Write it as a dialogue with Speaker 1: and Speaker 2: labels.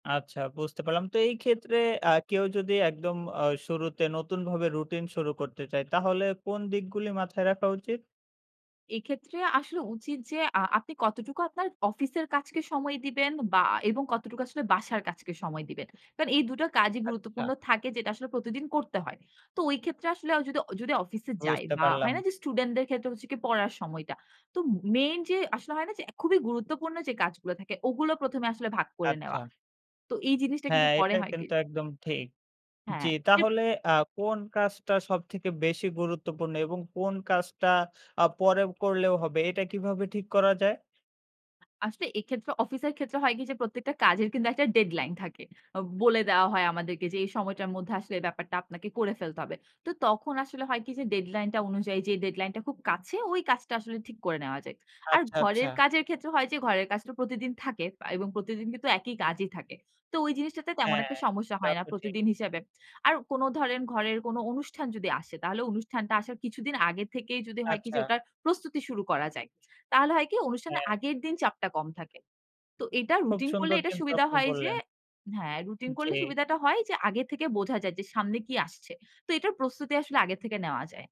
Speaker 1: আচ্ছা, বুঝতে পারলাম। তো এই ক্ষেত্রে আ কেউ যদি একদম অ শুরুতে নতুনভাবে রুটিন শুরু করতে চায়, তাহলে কোন দিকগুলি মাথায় রাখা উচিত?
Speaker 2: এক্ষেত্রে আসলে উচিত যে, আ আপনি কতটুকু আপনার অফিসের কাজকে সময় দিবেন বা এবং কতটুকু আসলে বাসার কাজকে সময় দিবেন? কারণ এই দুটো কাজই গুরুত্বপূর্ণ
Speaker 1: আচ্ছা।
Speaker 2: থাকে, যেটা আসলে প্রতিদিন করতে হয়। তো ওই ক্ষেত্রে আসলে অ যদি, অ যদি অফিসে যাই
Speaker 1: বুঝতে
Speaker 2: বা
Speaker 1: পারলাম।
Speaker 2: হয় না? যে, স্টুডেন্টদের ক্ষেত্রে হচ্ছে কি পড়ার সময়টা। তো ম মেইন যে আসলে হয় না? যে, খুবই গুরুত্বপূর্ণ যে কাজগুলো থাকে, ওগুলো প্রথমে আসলে ভাগ করে নেওয়া।
Speaker 1: আচ্ছা।
Speaker 2: তো এই জিনিসটা কিন্তু
Speaker 1: হ্যাঁ,
Speaker 2: পরে
Speaker 1: এটা
Speaker 2: হয় কি
Speaker 1: কিন্তু একদম ঠিক। জ্বি,
Speaker 2: হ্যাঁ। [unintelligible]
Speaker 1: তাহলে আ কোন কাজটা সবথেকে বেশি গুরুত্বপূর্ণ এবং কোন কাজটা আ পরে করলেও হবে? এটা কিভাবে ঠিক করা যায়?
Speaker 2: আসলে এক্ষেত্রে অফিসের ক্ষেত্রে হয় কি? যে, প্রত্যেকটা কাজের কিন্তু একটা ডেডলাইন থাকে। বলে দেয়া হয় আমাদেরকে যে, "এই সময়টার মধ্যে আসলে ব্যাপারটা আপনাকে করে ফেলতে হবে।" তো তখন আসলে হয় কি? যে, ডেডলাইন টা অনুযায়ী যে ডেডলাইন টা খুব কাছে, ওই কাজটা আসলে ঠিক করে নেওয়া যায়। আর
Speaker 1: আচ্ছা, আচ্ছা।
Speaker 2: ঘরের কাজের ক্ষেত্রে হয় যে, ঘরের কাজ তো প্রতিদিন থাকে পা এবং প্রতিদিন কিন্তু একই কাজই থাকে। তো ওই জিনিসটাতে তেমন একটা
Speaker 1: হ্যাঁ।
Speaker 2: সমস্যা
Speaker 1: তা
Speaker 2: হয় না,
Speaker 1: তো ঠিক।
Speaker 2: প্রতিদিন হিসেবে। আর কোনো ধরেন ঘরের কোনো অনুষ্ঠান যদি আসে, তাহলে অনুষ্ঠানটা আসার কিছুদিন আগে থেকেই, যদি হয় কি? যে,
Speaker 1: আচ্ছা।
Speaker 2: ওটার প্রস্তুতি শুরু করা যায়। তাহলে হয় কি? অনুষ্ঠানের
Speaker 1: হ্যাঁ।
Speaker 2: আগের দিন চাপটা কম থাকে। তো এটা
Speaker 1: খুব
Speaker 2: রুটিন করলে
Speaker 1: সুন্দর
Speaker 2: এটা
Speaker 1: কিন্তু
Speaker 2: সুবিধা
Speaker 1: আপনি
Speaker 2: হয় যে
Speaker 1: বললেন।
Speaker 2: হ্যাঁ, রুটিন করলে
Speaker 1: জ্বি।
Speaker 2: সুবিধাটা হয় যে, আগে থেকে বোঝা যায় যে সামনে কি আসছে? তো এটার প্রস্তুতি আসলে আগের থেকে নেওয়া যায়।